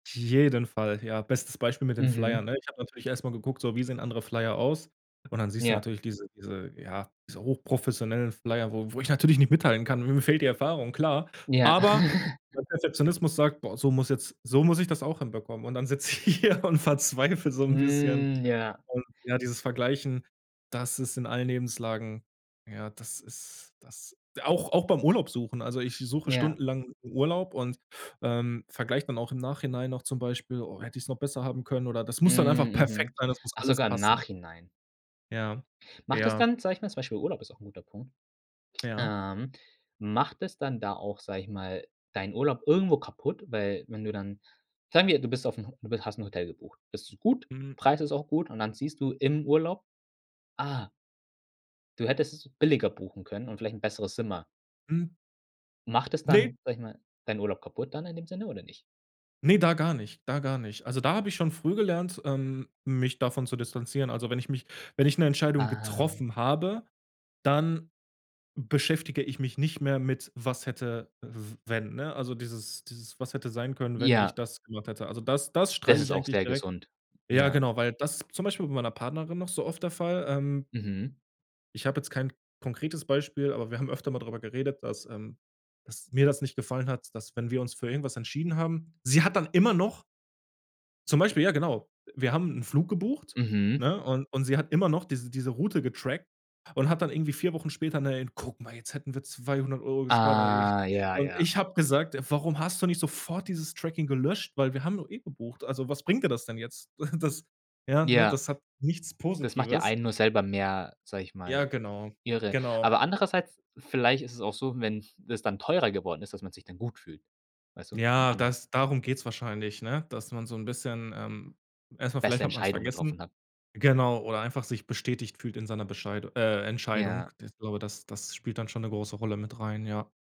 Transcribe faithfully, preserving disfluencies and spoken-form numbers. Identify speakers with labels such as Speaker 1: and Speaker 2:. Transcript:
Speaker 1: Jeden Fall, ja. Bestes Beispiel mit den Flyern,
Speaker 2: Mhm.
Speaker 1: ne? Ich habe natürlich erst mal geguckt, so: „Wie sehen andere Flyer aus?“, und dann siehst du
Speaker 2: Ja.
Speaker 1: natürlich diese diese ja, diese hochprofessionellen Flyer, wo wo ich natürlich nicht mithalten kann, mir fehlt die Erfahrung, klar.
Speaker 2: Ja.
Speaker 1: Aber mein Perfektionismus sagt: „Boah, so muss jetzt so muss ich das auch hinbekommen.“, und dann sitze ich hier und verzweifle so 'n bisschen,
Speaker 2: Hm, ja.
Speaker 1: und ja, dieses Vergleichen, das ist in allen Lebenslagen ja, das ist das auch auch beim Urlaub-suchen also ich suche
Speaker 2: Ja.
Speaker 1: stundenlang 'n Urlaub und, ähm, vergleiche dann auch im Nachhinein noch zum Beispiel: „Oh, hätte ich's noch besser haben können“ oder das muss dann einfach
Speaker 2: Hm,
Speaker 1: perfekt
Speaker 2: mhm.
Speaker 1: sein, das muss
Speaker 2: Ach,
Speaker 1: alles
Speaker 2: sogar im
Speaker 1: passen.
Speaker 2: Nachhinein.
Speaker 1: Ja,
Speaker 2: Macht das
Speaker 1: ja.
Speaker 2: dann, sage ich mal zum Beispiel Urlaub ist auch guter Punkt.
Speaker 1: Ja.
Speaker 2: Ähm, macht es dann da auch, sage ich mal, deinen Urlaub irgendwo kaputt, weil, wenn du dann sagen wir, du bist aufm Ho du bi hast Hotel gebucht. Das ist gut,
Speaker 1: Hm.
Speaker 2: Preis ist auch gut und dann siehst du im Urlaub: „Ah“ Du hättest es billiger buchen können und vielleicht 'n besseres Zimmer.
Speaker 1: Hm.
Speaker 2: Macht es
Speaker 1: Ne.
Speaker 2: dann, sage ich mal, deinen Urlaub kaputt dann in dem Sinne oder nicht?
Speaker 1: Ne, da gar nicht da gar nicht. Also, da habe ich schon früh gelernt, ähm, mich davon zu distanzieren. Also wenn ich mich wenn ich 'ne Entscheidung
Speaker 2: Ah.
Speaker 1: getroffen habe, dann beschäftige ich mich nicht mehr mit was hätte w wenn, ne? Also dieses dieses „was hätte sein können, wenn ich
Speaker 2: Ja.
Speaker 1: das gemacht hätte.“ Also das das
Speaker 2: Das
Speaker 1: streiche
Speaker 2: ist
Speaker 1: ich
Speaker 2: auch
Speaker 1: eigentlich
Speaker 2: sehr
Speaker 1: direkt.
Speaker 2: gesund,
Speaker 1: Ja,
Speaker 2: ja.
Speaker 1: genau, weil das zum Beispiel bei meiner Partnerin noch so oft der Fall, ähm
Speaker 2: Mhm.
Speaker 1: Ich habe jetzt kein konkretes Beispiel, aber wir haben öfter mal drüber geredet, dass, ähm dass mir das nicht gefallen hat, dass, wenn wir uns für irgendwas entschieden haben sie hat dann immer noch zum Beispiel, ja, genau. Wir haben 'n Flug gebucht,
Speaker 2: Mhm.
Speaker 1: ne, und und sie hat immer noch diese diese Route getrackt und hat dann irgendwie vier Wochen später, ne, eben: „Guck mal, jetzt hätten wir zweihundert Euro gespart“ und dann ich
Speaker 2: Ah, ja,
Speaker 1: und
Speaker 2: ja.
Speaker 1: ich habe gesagt: „Def warum hast du nicht sofort dieses Tracking gelöscht?“ Weil wir haben doch eh gebucht. Also was bringt dir das denn jetzt? Das ja, ne?
Speaker 2: Ja.
Speaker 1: Das hat nichts
Speaker 2: Das macht ja
Speaker 1: Positives.
Speaker 2: einen nur selber mehr, sage ich
Speaker 1: Ja,
Speaker 2: mal,
Speaker 1: genau,
Speaker 2: irre.
Speaker 1: genau.
Speaker 2: Aber andererseits, vielleicht ist es auch so, wenn das dann teurer geworden ist, dass man sich dann gut fühlt, weißt du? Wenn
Speaker 1: Ja,
Speaker 2: andere
Speaker 1: das darum geht's wahrscheinlich, ne? Dass man so 'n bisschen, ähm erst mal, vielleicht
Speaker 2: Beste
Speaker 1: hat man's
Speaker 2: Entscheidungen getroffen
Speaker 1: vergessen,
Speaker 2: hat.
Speaker 1: genau, oder einfach sich bestätigt fühlt in seiner Bescheid äh, Entscheidung,
Speaker 2: Ja.
Speaker 1: das ich glaube das das spielt dann schon 'ne große Rolle mit rein, ja.